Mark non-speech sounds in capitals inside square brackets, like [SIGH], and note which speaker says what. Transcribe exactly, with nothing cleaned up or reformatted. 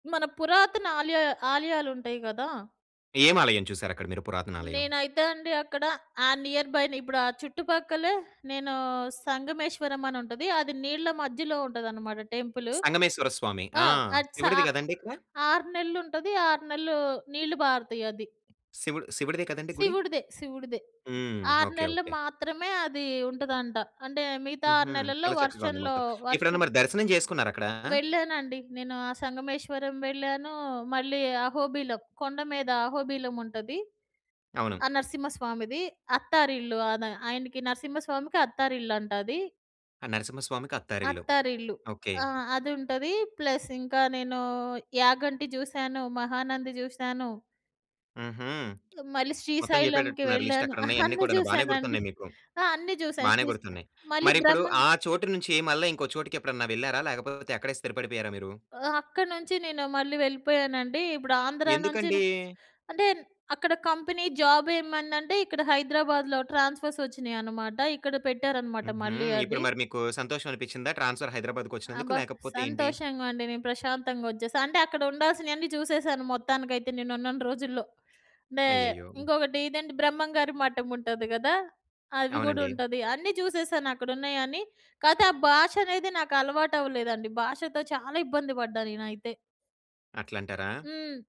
Speaker 1: మన పురాతన ఆలయ ఆలయాలుంటయి గదా!
Speaker 2: ఏమాలయం చూశారక్కడ మీరు పురాతనాలయం?
Speaker 1: నేనైతే అండి అక్కడ, ఆ నియర్‌బైన, ఇప్పుడు ఆ చుట్టుపక్కలే నేను సంగమేశ్వరమ్మనుంటది. అది నీళ్ళ మధ్యలో ఉంటదనమాట టెంపులు.
Speaker 2: సంగమేశ్వర స్వామి.
Speaker 1: ఆ!
Speaker 2: ఆ!
Speaker 1: అట్ స
Speaker 2: శివుడిది గదండీ ఇక్కడ.
Speaker 1: ఆరు నెల్లుంటది. ఆరు నెల్లూ నీళ్ళు పారుతయి అది.
Speaker 2: శివుడు శివుడిదే కదండీ గుడి.
Speaker 1: శివుడిదే. శివుడిదే.
Speaker 2: హ్మ్.
Speaker 1: ఆరు
Speaker 2: ఓకే.
Speaker 1: నెల్లు
Speaker 2: ఓకే.
Speaker 1: మాత్రమే అదీ ఉంటదంట. అంటే, మిగతా ఆరు
Speaker 2: హుహు.
Speaker 1: నెలల్లో
Speaker 2: చాలా చక్కగా ఉంది
Speaker 1: వర్షంలో
Speaker 2: మొత్తం.
Speaker 1: వర్షం
Speaker 2: ఎప్పుడైనా మరి దర్శనం చేసుకున్నారక్కడా?
Speaker 1: వెళ్ళానండి. నేను ఆ సంగమేశ్వరం వెళ్ళానూ. మళ్ళీ అహోబిలం, కొండ మీద అహోబిలం ఉంటది.
Speaker 2: అవును.
Speaker 1: ఆ! నరసింహస్వామిది అత్తారిల్లు. ఆన ఆయనకి నరసింహస్వామికి అత్తారిల్లు అంట అది.
Speaker 2: ఆ! నరసింహస్వామికి అత్తారిల్లు.
Speaker 1: అత్తారిల్లు.
Speaker 2: ఓకే.
Speaker 1: ఆ! అదుంటది ప్లస్ ఇంకా నేనూ యాగంటి జూశాను, మహానంది జూశాను.
Speaker 2: హుహు. [SMACKS LIPS]
Speaker 1: మళ్ళీ
Speaker 2: మొత్తం
Speaker 1: శ్రీశైలం‌కి
Speaker 2: చెప్పేటట్టున్నారు
Speaker 1: వెళ్ళాను. అహా! [CHUCKLES]
Speaker 2: లిస్టక్కడున్నయన్ని
Speaker 1: అన్ని
Speaker 2: కూడాను. బానే
Speaker 1: జూశానండి.
Speaker 2: గుర్తున్నాయి మీకు.
Speaker 1: ఆ! అన్నీ చూశా
Speaker 2: బానే
Speaker 1: సీజ్
Speaker 2: గుర్తున్నాయి.
Speaker 1: మళ్ళీ
Speaker 2: మరిప్పుడు,
Speaker 1: బ్రహ్మం గ
Speaker 2: ఆ చోటు నుంచి మళ్ళా ఇంకో చోటికెప్పుడన్నా వెళ్ళారా? లేకపోతే, అక్కడే స్థిరపడిపోయారా మీరు?
Speaker 1: ఆహ్, అక్కడ నుంచి నేను మళ్ళీ వెళ్ళిపోయానండి. ఇప్పుడు ఆంధ్ర నుంచి ర
Speaker 2: ఎందుకండీ?
Speaker 1: అంటే న్ అక్కడ కంపెనీ జాబేమైందంటే, ఇక్కడ హైదరాబాద్‌లో ట్రాన్స్‌ఫర్సొచ్చినాయనమాట. ఇక్కడ పెట్టారనమాట
Speaker 2: హుహు.
Speaker 1: మళ్ళీ
Speaker 2: ఇప్పుడు
Speaker 1: అది.
Speaker 2: మరి మీకూ సంతోషవనిపిచ్చిందా ట్రాన్స్‌ఫర్ హైదరాబాద్‌కొచ్చినందుకు,
Speaker 1: అబ్బా!
Speaker 2: లేకపోతే ఏంటి?
Speaker 1: సంతోషంగా అండి. నేను ప్రశాంతంగొచ్చేశా. అంటే, అక్కడ ఉండాల్సినియన్నీ చూసేశాను మొత్తానికైతే నేనున్నన్ని రోజుల్లో. మే
Speaker 2: అయ్యయ్యో!
Speaker 1: ఇంకొకటి ఇదేంటి, బ్రహ్మంగారి మఠముంటది గదా! అవి
Speaker 2: అవునండి.
Speaker 1: గూడుంటది. అన్నీ చూసేశాను అక్కడున్నయని. కాతే, ఆ భాషనేదే నాకలవాటవ్వలేదండి. భాషతో చాలా ఇబ్బంది పడ్డా నేనైతే.
Speaker 2: అట్లంటరా?
Speaker 1: హ్మ్.